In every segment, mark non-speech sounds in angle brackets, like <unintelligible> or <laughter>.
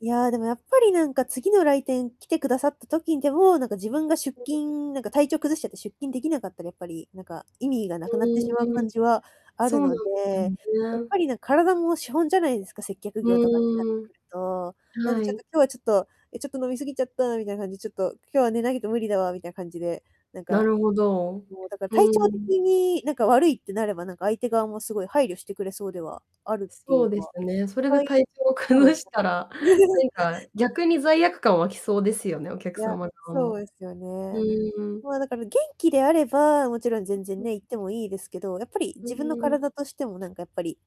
いや、でもやっぱりなんか次の来店来て下さった時にでも、なんか自分が出 <unintelligible> 勤なんか体調崩しちゃって出勤できなかったらやっぱりなんか、意味が無くなってしまううーん、感じはあそうるのなんで、ですよやっぱね。り、なん、体も資本じゃないですか、接客う業とかってなってーん。くると。なんではちょっとい。今日はちょっと、え、ちょっと飲み過ぎちゃったみたいな感じ、ちょっと今日は寝ないと無理だわみたいな感じで、なんなかるほど、もうだからう体調ん。的になんか悪いってなれば、なんか相手側もすごい配慮してくれそうではあるっていそううですか、ね。実それで体際、調そうなん崩すしよ。たら、なんか <laughs> 逆に罪悪感湧きそうですよね、お客いや、様側そうも、ですようね。んうん。ま、だから元気であれば、もちろんう、全然うん。ね、行ってもいいですけど、やっぱりう自分のんうん。体としてもなんかやっぱり、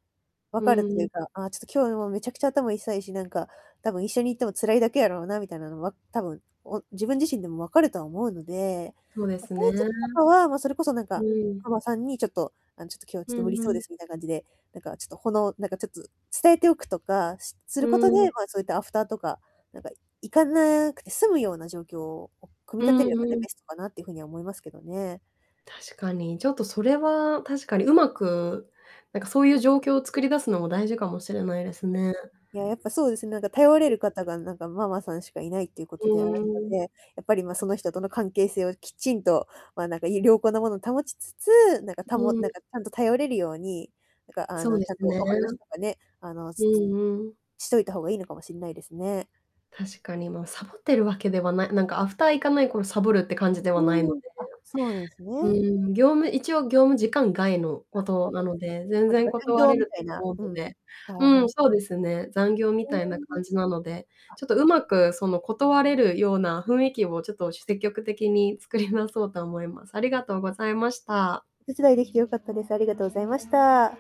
う分かるといーうん。か、ああ、ちょっと今日もめちゃくちゃ頭痛いし、なんか、多分一緒に行っても辛いだけやろうなみたいなのは、多分、お自分自身でも分かるとは思うので、そうでま、すそうね。いう時とかはま、それこそなんか、うかん。のさんにちょっと、あの、ちょっと今日はちょっうと無理んうそうでん。すみたいな感じで、なんかちょっと、ほのなんかちょっと、伝えておくとか、しすうることん。で、ま、そういったアフターとか、なんか、行かなくて済むような状況を組みう立てればんねうん。ベストかなっていうふうには思いますけどね。確かに、ちょっとそれは確かに上手く、なんかそういう状況を作り出すのも大事かもしれないでうすん。いね。や、やっぱそうですね、なんか頼れ <unintelligible> る方がなんかママさんしかいないっていうこうとであるのーん。はい、はで、い。やっぱりま、その人との関係性をきちんと、ま、なんかいい良好なものを保ちつつ、なんかうたもーなんん。かちゃんと頼れるように、なんかあそうの、でちゃんすとね。お話とかね、あの、うすつんうん。しといた方がいいのかもしんないですね。確かにま、サボってるわけではないなんかアフター行かないイコールサボるって感じではないのうで。ん。あ、そうなんすね。うん、業務一応業務時間外のあ、ことなの <unintelligible> で、全まつ然か、残断業れみるたいとな、思ううんのうん。で、はいうはん、い。そうですね、残業みたいなねい。感あ。じなので、ちょっとうまくその断れるような雰囲気をちょっとしゅ積極的に作り直そうと思います。ありがとうございました。お手伝いできてよかったです。ありがとうございました。